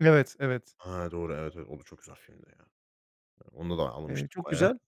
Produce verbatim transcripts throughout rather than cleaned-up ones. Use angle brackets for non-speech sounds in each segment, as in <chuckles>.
Evet, evet. A, doğru. Evet, evet. O da çok güzel filmdi, ya. Onda da Eee, ağlamıştım çok bayağı. güzel.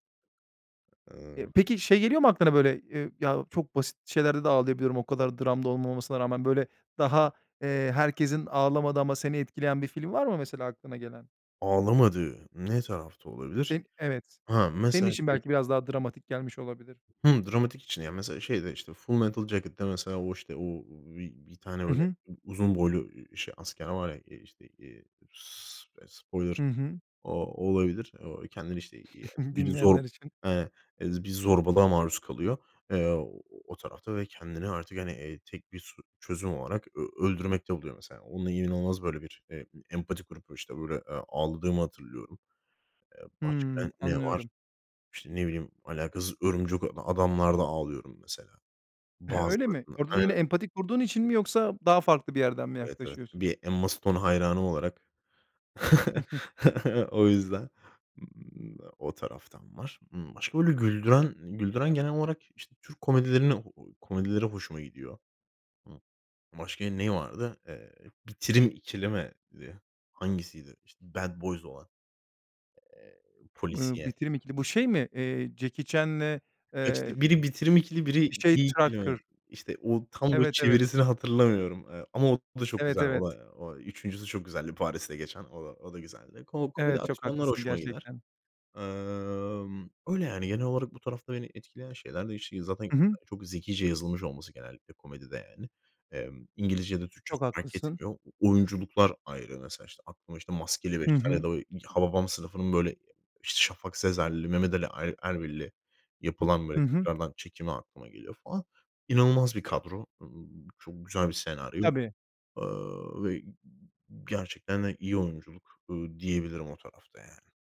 Eee, Iıı peki şey geliyor mu aklına, böyle? Eee, ya çok basit şeylerde de ağlayabiliyorum, o kadar dram da olmamasına rağmen. Böyle daha, eee, herkesin ağlamadığı ama seni etkileyen bir film var mı mesela aklına gelen? Ağlamadığım ne tarafta olabilir? Senin Evet. Ha, Senin mesela için şey belki biraz daha dramatik gelmiş olabilir. Hı, dramatik için de yani mesela, şeyde, işte, Full Metal Jacket'ta. Mesela o işte o o bi bi bir tane Hı öyle hı. u uzun boylu şey asker var ya. İii ,işte, eee, s eee, spoiler Hı hı. o olabilir. O kendini, işte, iii, yani, <chuckles> biri zor Dinleyenler için. e bir zorbalığa maruz kalıyor. Eee, o o tarafta ve kendini artık, hani, eee, tek bir so çözüm olarak ö öldürmekte buluyor, mesela. Onun inanılmaz böyle bir, eee, empati kurup, işte, böyle, eee, ağladığımı hatırlıyorum. Eee, Hımm, başka ne var? anlıyorum. İşte, ne bileyim, alakasız Örümcek A Adam'larda ağlıyorum, mesela. <chuckles> Öyle mi? Bazılarında, Orada da yine aynen. empati kurduğun için mi, yoksa daha farklı bir yerden mi Evet, evet. yaklaşıyorsun? Bir Emma Stone hayranı olarak. <chuckles> O yüzden, ımm, o taraftan var. Imm, başka böyle güldüren güldüren genel olarak, işte, Türk komedilerini komedileri hoşuma gidiyor. Hı. Başka neyi vardı? Eee, "Bitirim İkili" mi, diye? Hangisiydi? İşte, Bad Boys olan. Eee, Eee, polisiye. "Bitirim İkili" bu şey mi, eee, Jackie Chan'le, Kaç eee, dil? Biri, "Bitirim İkili" bir biri, şey "İyi İkili" mi? Tucker? İşte, o tam böyle Evet, evet. çevirisini hatırlamıyorum. Eee, ama o da çok Evet, güzel. O evet. da o üçüncüsü çok güzeldi, Paris'te geçen. O da, o da güzeldi. Ko komedi Evet, çok aksiyonlar haklısın, hoşuma gider. gerçekten. Emm, öyle, yani, genel olarak bu tarafta beni etkileyen şeyler de <unintelligible> zaten Hı hı. çok zekice yazılmış olması genellikle komedide, yani. Emm, İngilizce ya da Türkçe Çok olsun, fark haklısın. etmiyor. Oyunculuklar ayrı, mesela, işte, aklıma, işte, "Maskeli Hı Beşler" ya hı. da o i "Hababam Sınıfı"nın böyle, işte, Şafak Sezer'li, Mehmet Ali E Erbil'li yapılan, böyle, Hı hı. tekrardan çekimi aklıma geliyor falan. İnanılmaz bir kadro, ııı, çok güzel bir senaryo. Tabii. Eee, ve gerçekten de iyi oyunculuk, ııı, diyebilirim o tarafta, yani.